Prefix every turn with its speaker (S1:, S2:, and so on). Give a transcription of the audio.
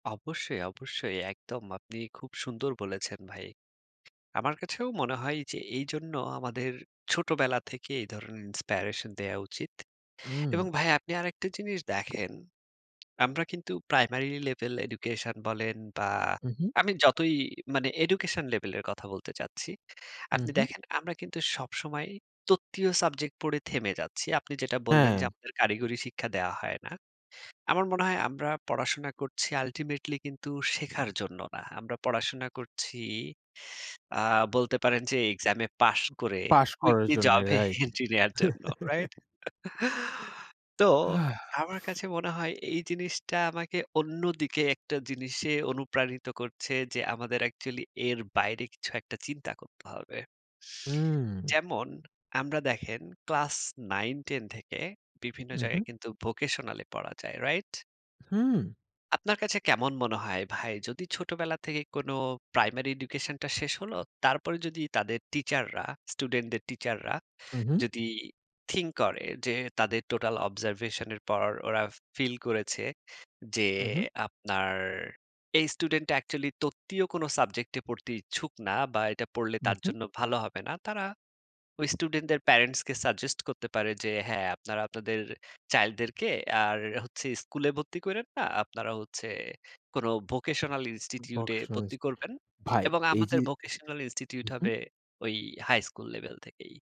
S1: অবশ্যই, অবশ্যই, একদম আপনি খুব সুন্দর বলেছেন ভাই। আমার কাছেও মনে হয় যে এইজন্য আমাদের ছোটবেলা থেকে এই ধরনের Inspiration দেয়া উচিত।
S2: হুম।
S1: এবং ভাই আপনি আরেকটা জিনিস দেখেন। আমরা কিন্তু প্রাইমারি লেভেল এডুকেশন বলেন বা
S2: হু, হু।
S1: আমি যতই মানে এডুকেশন লেভেলের কথা বলতে চাচ্ছি,
S2: হু,
S1: আপনি
S2: হু।
S1: দেখেন আমরা কিন্তু সবসময় তত্ত্বীয় সাবজেক্ট পড়ে থেমে যাচ্ছি। আপনি যেটা বললেন যে
S2: হ্যাঁ।
S1: আমাদের কারিগরি শিক্ষা দেয়া হয় না। আমার মনে হয় আমরা পড়াশোনা করছি Ultimately কিন্তু শেখার জন্য না। আমরা পড়াশোনা করছি আ বলতে পারেন যে এক্সামে পাশ করে
S2: পাস করার
S1: উইকলি
S2: জন্য
S1: জবে
S2: রাইট।
S1: এন্ট্রি নেয়ার জন্য। রাইট? তো
S2: হাফ।
S1: আমার কাছে মনে হয় এই জিনিসটা আমাকে অন্যদিকে একটা জিনিসে অনুপ্রাণিত করছে যে আমাদের Actually এর বাইরে কিছু একটা চিন্তা করতে হবে।
S2: হুম।
S1: যেমন আমরা দেখেন ক্লাস ৯ ১০ থেকে বিভিন্ন
S2: হু, হু।
S1: জায়গায় কিন্তু ভোকেশনাল এ পড়া যায়। রাইট?
S2: হুম।
S1: আপনার কাছে কেমন মনে হয় ভাই? যদি ছোটবেলা থেকে কোন প্রাইমারি এডুকেশন টা শেষ হলো, তারপরে যদি তাদের টিচাররা স্টুডেন্টদের টিচাররা
S2: উহুম।
S1: যদি থিংক করে যে, তাদের টোটাল Observation এর পর। ওরা ফিল করেছে যে
S2: উহুম।
S1: আপনার এই স্টুডেন্টটা Actually তত্ত্বীয় কোন সাবজেক্ট পড়তে ইচ্ছুক না বা এটা পড়লে তার
S2: উহুম।
S1: জন্য ভালো হবে না। তারা ওই স্টুডেন্টদের প্যারেন্টসকে সাজেস্ট করতে পারে যে, হ্যাঁ আপনারা আপনাদের চাইল্ডদেরকে আর হচ্ছে স্কুলে ভর্তি কইরেন না। আপনারা হচ্ছে কোন ভোকেশনাল Institute এ
S2: ভকেশনাল
S1: ভর্তি
S2: স্কুলে
S1: করবেন।
S2: ভাই
S1: এবং
S2: এই যে
S1: আমাদের ভোকেশনাল Institute
S2: উহুম।
S1: হবে ওই হাই স্কুল লেভেল থেকেই।